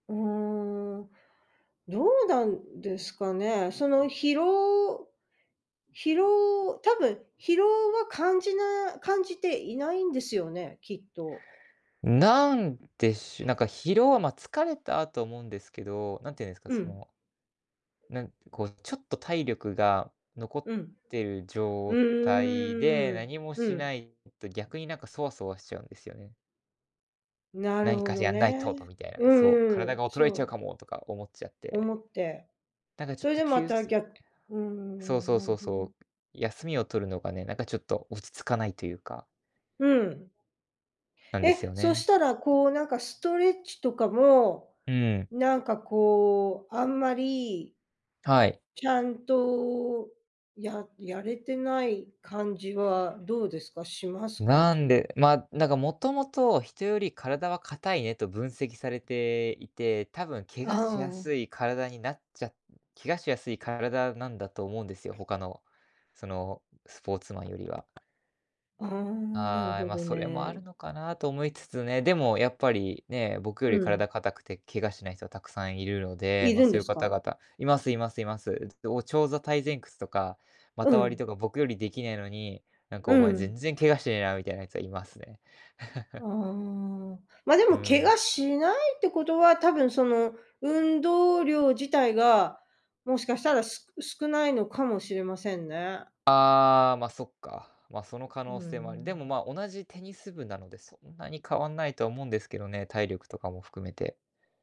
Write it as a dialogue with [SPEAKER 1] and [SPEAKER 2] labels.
[SPEAKER 1] うーん、どうなんですかね、その疲労、疲労多分、疲労は感じな感じていないんですよね、きっと。
[SPEAKER 2] ん、なんでしょ、なんか疲労はま、疲れた、と思うんですけど、何て言うんですか、
[SPEAKER 1] う
[SPEAKER 2] そ
[SPEAKER 1] ん。
[SPEAKER 2] の。なん、こうちょっと体力が残
[SPEAKER 1] [unintelligible]
[SPEAKER 2] っ
[SPEAKER 1] うん。
[SPEAKER 2] てる
[SPEAKER 1] う
[SPEAKER 2] 状態で、
[SPEAKER 1] ーん、
[SPEAKER 2] 何も
[SPEAKER 1] う
[SPEAKER 2] し
[SPEAKER 1] ん。
[SPEAKER 2] ないと逆になんかそわそわしちゃうんですよね。
[SPEAKER 1] なる
[SPEAKER 2] 何
[SPEAKER 1] ほ
[SPEAKER 2] か
[SPEAKER 1] ど
[SPEAKER 2] やんないとと
[SPEAKER 1] ね、
[SPEAKER 2] みたいな、
[SPEAKER 1] う
[SPEAKER 2] そう、
[SPEAKER 1] んう
[SPEAKER 2] 体
[SPEAKER 1] ん、
[SPEAKER 2] が衰えち
[SPEAKER 1] そ
[SPEAKER 2] ゃう
[SPEAKER 1] う。
[SPEAKER 2] かもとか思っちゃって。
[SPEAKER 1] 思って
[SPEAKER 2] なんかちょっ
[SPEAKER 1] それ
[SPEAKER 2] と
[SPEAKER 1] で
[SPEAKER 2] き
[SPEAKER 1] ま
[SPEAKER 2] ゅう
[SPEAKER 1] た
[SPEAKER 2] すい
[SPEAKER 1] ぎゃうー
[SPEAKER 2] そう
[SPEAKER 1] ん、
[SPEAKER 2] そう
[SPEAKER 1] なる
[SPEAKER 2] そ
[SPEAKER 1] ほ
[SPEAKER 2] うそ
[SPEAKER 1] ど。
[SPEAKER 2] う、休みを取るのがね、なんかちょっと落ち着かないというか。
[SPEAKER 1] うん。
[SPEAKER 2] なんです
[SPEAKER 1] え、
[SPEAKER 2] よ
[SPEAKER 1] そ
[SPEAKER 2] ね。
[SPEAKER 1] したらこうなんかストレッチとかも、
[SPEAKER 2] うん。
[SPEAKER 1] なんかこう、あんまり
[SPEAKER 2] はい。
[SPEAKER 1] ちゃんと、ややれてない感じはどうですか？しますか？
[SPEAKER 2] なん
[SPEAKER 1] じ
[SPEAKER 2] でま、なんかもともと人より体は硬いねと分析されていて、多分怪我
[SPEAKER 1] あ
[SPEAKER 2] しや
[SPEAKER 1] あ。
[SPEAKER 2] すい体になっちゃ怪我しやすい体なんだと思うんですよ、他のそのスポーツマンよりは。
[SPEAKER 1] ああ、なる
[SPEAKER 2] ああ、
[SPEAKER 1] ほ
[SPEAKER 2] ま、
[SPEAKER 1] ど
[SPEAKER 2] それもある
[SPEAKER 1] ね。
[SPEAKER 2] のかなと思いつつね、でもやっぱ
[SPEAKER 1] [unintelligible]
[SPEAKER 2] りね、僕よ
[SPEAKER 1] う
[SPEAKER 2] り
[SPEAKER 1] ん。
[SPEAKER 2] 体硬くて怪我しない人はたくさんいるので、
[SPEAKER 1] い
[SPEAKER 2] ま、
[SPEAKER 1] るん
[SPEAKER 2] そう
[SPEAKER 1] で
[SPEAKER 2] いう
[SPEAKER 1] す
[SPEAKER 2] 方
[SPEAKER 1] か？
[SPEAKER 2] 々いますいますいます。お長座対前屈とか、
[SPEAKER 1] う
[SPEAKER 2] 股割り
[SPEAKER 1] ん。
[SPEAKER 2] とか僕よりできないのに、なんか
[SPEAKER 1] う
[SPEAKER 2] お前全
[SPEAKER 1] ん。
[SPEAKER 2] 然怪我してねえなみたいなやつはいますね。
[SPEAKER 1] あ あ、まあで
[SPEAKER 2] う
[SPEAKER 1] も怪
[SPEAKER 2] ん。
[SPEAKER 1] 我しないってことは、たぶんその運動量自体が、もしかしたら、す少ないのかもしれませんね。
[SPEAKER 2] ああ、ま、そっか。ま、その可
[SPEAKER 1] う
[SPEAKER 2] 能性もある。でも、
[SPEAKER 1] ん。
[SPEAKER 2] ま、同じテニス部なのでそんなに変わんないと思うんですけどね、体力とかも含めて。